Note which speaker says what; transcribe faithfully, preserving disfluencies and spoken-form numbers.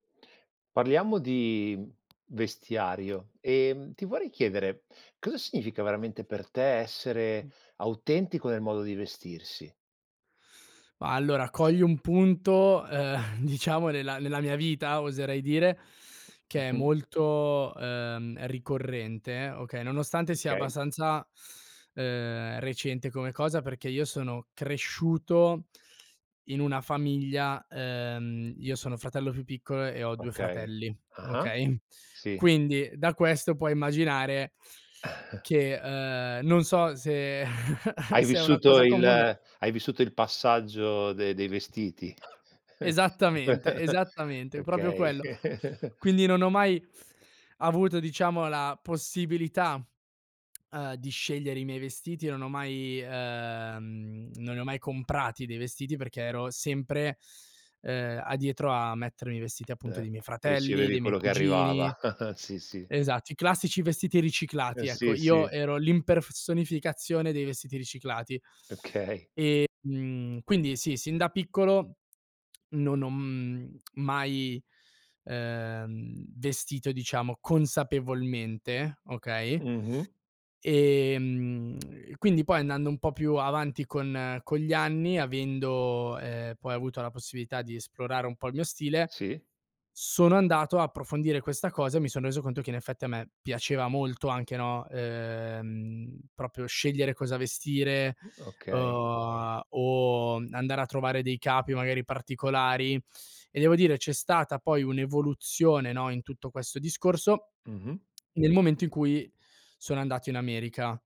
Speaker 1: Parliamo di vestiario, ehm, ti vorrei chiedere, cosa significa veramente per te essere autentico nel modo di vestirsi?
Speaker 2: Ma allora, cogli un punto, ehm, diciamo nella nella mia vita, oserei dire, che è
Speaker 1: Mh-mh.
Speaker 2: molto, ehm, ricorrente, okay, nonostante sia
Speaker 1: Okay.
Speaker 2: abbastanza, ehm, recente come cosa perché io sono cresciuto in una famiglia ehm, io sono fratello più piccolo e ho due
Speaker 1: Okay.
Speaker 2: fratelli,
Speaker 1: Ah-ah.
Speaker 2: okay?
Speaker 1: Sì.
Speaker 2: Quindi, da questo puoi immaginare che, ehm, non so se
Speaker 1: Hai
Speaker 2: se è una
Speaker 1: vissuto
Speaker 2: cosa
Speaker 1: il
Speaker 2: comune
Speaker 1: hai vissuto il passaggio de dei vestiti.
Speaker 2: Esattamente, esattamente, propio
Speaker 1: Okay.
Speaker 2: quello. Quindi, non ho mai avuto diciamo la possibilità, ehm, di scegliere i miei vestiti, non ho mai ehm, non li ho mai comprati dei vestiti perché ero sempre, ehm, addietro a mettermi i vestiti appunto
Speaker 1: Eh.
Speaker 2: dei miei fratelli,
Speaker 1: Ricevevi
Speaker 2: dei miei
Speaker 1: quello che
Speaker 2: cugini.
Speaker 1: arrivava. Sì, sì.
Speaker 2: Esatto, i classici vestiti
Speaker 1: Eh,
Speaker 2: riciclati. Ecco,
Speaker 1: sì,
Speaker 2: io
Speaker 1: sì.
Speaker 2: ero l'imperfesonificazione dei vestiti riciclati. E,
Speaker 1: Okay.
Speaker 2: mhmm, quindi sì, sin da piccolo non ho, mhmm, mai, ehm, vestito diciamo consapevolmente, okay?
Speaker 1: Mh-mh.
Speaker 2: Ehm, quindi poi andando un po' più avanti con con gli anni, avendo, ehm, poi avuto la possibilità di esplorare un po' il mio stile,
Speaker 1: Sì.
Speaker 2: sono andato a approfondire questa cosa e mi son reso conto che in effetti a me piaceva molto anche, no, ehm, proprio scegliere cosa vestire,
Speaker 1: Mh, okay.
Speaker 2: uhm, o andare a trovare dei capi magari particolari, e devo dire c'è stata poi un'evoluzione, no, in tutto questo discorso
Speaker 1: Mh-mh.
Speaker 2: nel momento in qui sono andato in America.